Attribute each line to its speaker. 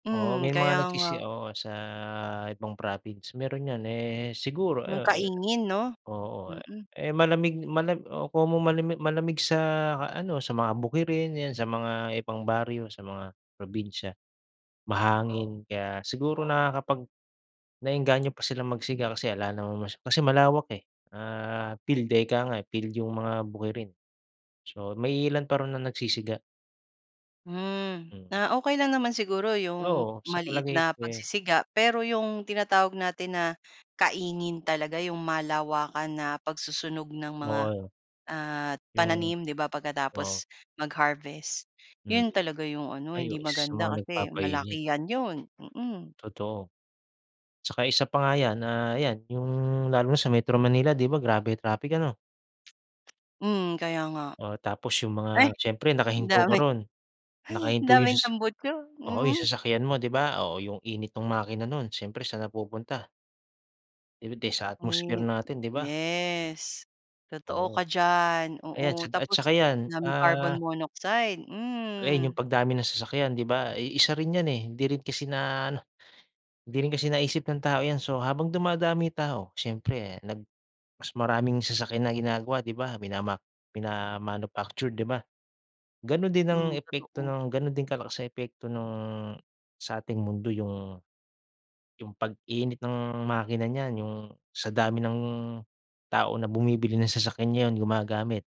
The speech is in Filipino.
Speaker 1: Oo,
Speaker 2: Mm,
Speaker 1: may
Speaker 2: kaya
Speaker 1: mga
Speaker 2: nga.
Speaker 1: nagsisi oo, sa ibang province. Meron yan eh, siguro
Speaker 2: Nung
Speaker 1: oo e
Speaker 2: kaingin 'no?
Speaker 1: oo.
Speaker 2: Mm.
Speaker 1: Eh, malamig mala oo komo malami malamig sa ano, sa mga bukirin, yan sa mga ibang baryo, sa mga probinsya. Mahangin, kaya siguro nakakapag naengganyo pa silang magsiga kasi 'ala naman mas kasi malawak eh. Ah, field eh, 'ika nga. Field yung mga bukirin. So, may iilan pa raw na nagsisiga.
Speaker 2: Hmm.
Speaker 1: Mm.
Speaker 2: Ah, okey lang naman siguro yung
Speaker 1: Oo, sa
Speaker 2: maliit
Speaker 1: palagay
Speaker 2: na
Speaker 1: ko eh
Speaker 2: pagsisiga, pero yung tinatawag natin na kaingin talaga, yung malawakan na pagsusunog ng mga
Speaker 1: Oo.
Speaker 2: ah,
Speaker 1: Yung
Speaker 2: pananim, di ba,
Speaker 1: oo.
Speaker 2: pagkatapos mag-harvest,
Speaker 1: Mm.
Speaker 2: 'yon talaga yung ano, hindi
Speaker 1: Ayos sa
Speaker 2: maganda
Speaker 1: mga
Speaker 2: kasi
Speaker 1: nagpapainit.
Speaker 2: malakihan 'yon, mm.
Speaker 1: Totoo. 'Tsaka isa pa nga yan ah, 'yan yung lalo na sa Metro Manila, di ba, grabe traffic ano?
Speaker 2: Mm, kaya nga.
Speaker 1: Oo, tapos yung
Speaker 2: Ay!
Speaker 1: mga siyempre
Speaker 2: Ang
Speaker 1: nakahinto ka
Speaker 2: dami.
Speaker 1: ro'n.
Speaker 2: Hay! Ang
Speaker 1: Nakahinto yung
Speaker 2: daming
Speaker 1: sas
Speaker 2: tambutso,
Speaker 1: oo, yung
Speaker 2: mm.
Speaker 1: sasakyan mo, di ba, oh yung init nung makina nun, syempre saan napupunta? Eh di sa atmosphere
Speaker 2: Hmm,
Speaker 1: natin, di ba?
Speaker 2: yes. Totoo
Speaker 1: Oo.
Speaker 2: ka diyan.
Speaker 1: Ayan tsa
Speaker 2: Oo,
Speaker 1: at
Speaker 2: tapos
Speaker 1: 'tsaka 'yan,
Speaker 2: daming carbon
Speaker 1: ah
Speaker 2: monoxide,
Speaker 1: ayun
Speaker 2: hmm.
Speaker 1: yung pagdami ng sasakyan, di ba? Eh, isa rin yan eh, hindi rin kasi na-ano, hindi rin kasi naisip ng tao yan. So, habang dumadami tao, siyempre nag mas maraming sasakyan na ginagawa, di ba? Minamak mina-manufactured, di ba? Gano'n din ang
Speaker 2: Hmm,
Speaker 1: epekto
Speaker 2: totoo.
Speaker 1: nung gano'n din kalakas nung epekto nung sa ating mundo yung yung pag-init ng makina niyan, yung sa dami ng tao na bumibili ng sasakyan, yun gumagamit.